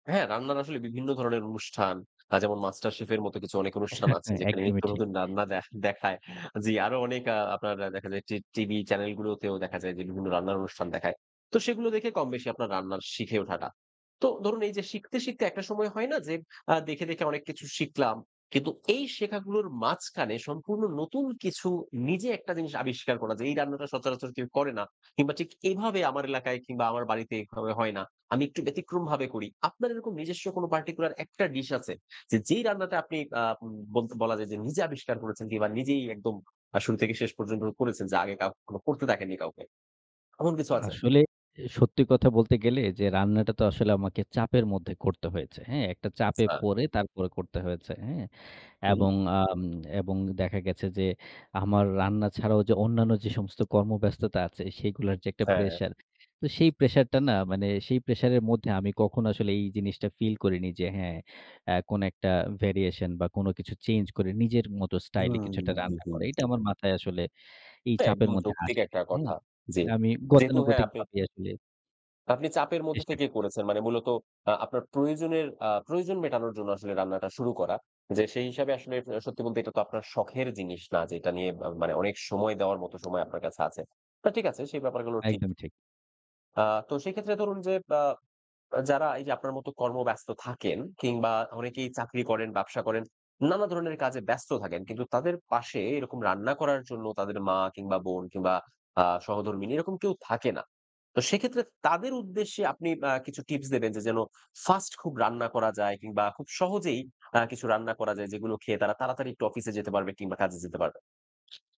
হ্যাঁ রান্নার আসলে বিভিন্ন ধরনের অনুষ্ঠান আ যেমন MasterChef এর মত কিছু অনেক অনুষ্ঠান আছে যেখানে একদমই নিত্য ঠিক। নতুন রান্না দে দেখায়। জি আরো অনেক আ আপনার দেখা যায় যে টি টিভি চ্যানেল গুলোতেও দেখা যায় যে বিভিন্ন রান্নার অনুষ্ঠান দেখায়। তো সেগুলো দেখে কমবেশি আপনার রান্নার শিখে ওঠাটা। তো ধরুন এইযে শিখতে, শিখতে একটা সময় হয় না যে আ দেখে, দেখে অনেক কিছু শিখলাম। কিন্তু এই শেখাগুলোর মাঝখানে সম্পূর্ণ নতুন কিছু নিজে একটা জিনিস আবিষ্কার করা। যে এই রান্নাটা সচরাচর কেউ করে না। কিংবা ঠিক এভাবে আমার এলাকায় কিংবা আমার বাড়িতে এভাবে হয় না, আমি একটু ব্যতিক্রমভাবে করি। আপনার এরকম নিজস্ব কোনো particular একটা ডিশ আছে? যে যেই রান্নাটা আপনি আ উম বল বলা যায় যে নিজে আবিষ্কার করেছেন কিংবা নিজেই একদম আ শুরু থেকে শেষ পর্যন্ত করেছেন? যে আগে কাউকে কখনো করতে দেখেননি কাউকে, এমন কিছু আছে? আসলে এ সত্যি কথা বলতে গেলে যে রান্নাটা তো আসলে আমাকে চাপের মধ্যে করতে হয়েছে, হ্যাঁ? একটা চাপে আচ্ছা। পড়ে তারপরে করতে হয়েছে, হ্যাঁ? হু। এবং আম এবং দেখা গেছে যে আমার রান্না ছাড়াও যে অন্যান্য যে সমস্ত কর্মব্যস্ততা আছে, সেগুলার যে একটা হ্যাঁ। প্রেশার। তো সেই প্রেশারটা না মানে সেই প্রেশারের মধ্যে আমি কখনো আসলে এই জিনিসটা ফিল করিনি যে হ্যাঁ অ্যা কোনো একটা variation বা কোনো কিছু চেঞ্জ করে নিজের মতো হুম। স্টাইলে কিছু একটা হু, রান্না হু। করা। এটা আমার মাথায় আসলে এই তো চাপের একদম মধ্যে যৌক্তিক আসেনি, একটা হ্যাঁ? কথা। জি। আমি যেহেতু হ্যাঁ গতানুগতিক আপনি ভাবেই আসলে আপনি চাপের মধ্যে চেষ্টা থেকেই করছি। করেছেন। মানে মূলত আ আপনার প্রয়োজনের আ প্রয়োজন মেটানোর জন্য আসলে রান্নাটা শুরু করা। যে সেই হিসাবে আসলে এ সত্যি বলতে এটা তো আপনার শখের জিনিস না যে এটা নিয়ে আ মানে অনেক সময় দেওয়ার মত সময় আপনার কাছে আছে। না ঠিক আছে সেই ব্যাপারগুলো ঠিক। একদমই ঠিক। আ তো সেক্ষেত্রে ধরুন যে আ যারা এইযে আপনার মত কর্মব্যস্ত থাকেন কিংবা অনেকেই চাকরি করেন, ব্যবসা করেন, নানা ধরনের কাজে ব্যস্ত থাকেন। কিন্তু তাদের পাশে এরকম রান্না করার জন্য তাদের মা কিংবা বোন কিংবা আ সহধর্মিনী এরকম কেউ থাকে না। তো সেক্ষেত্রে তাদের উদ্দেশ্যে আপনি কিছু আ টিপস দেবেন? যে যেন ফার্স্ট খুব রান্না করা যায় কিংবা খুব সহজেই আ কিছু রান্না করা যায় যেগুলো খেয়ে তারা তাড়াতাড়ি একটু অফিসে যেতে পারবে কিংবা কাজে যেতে পারবে?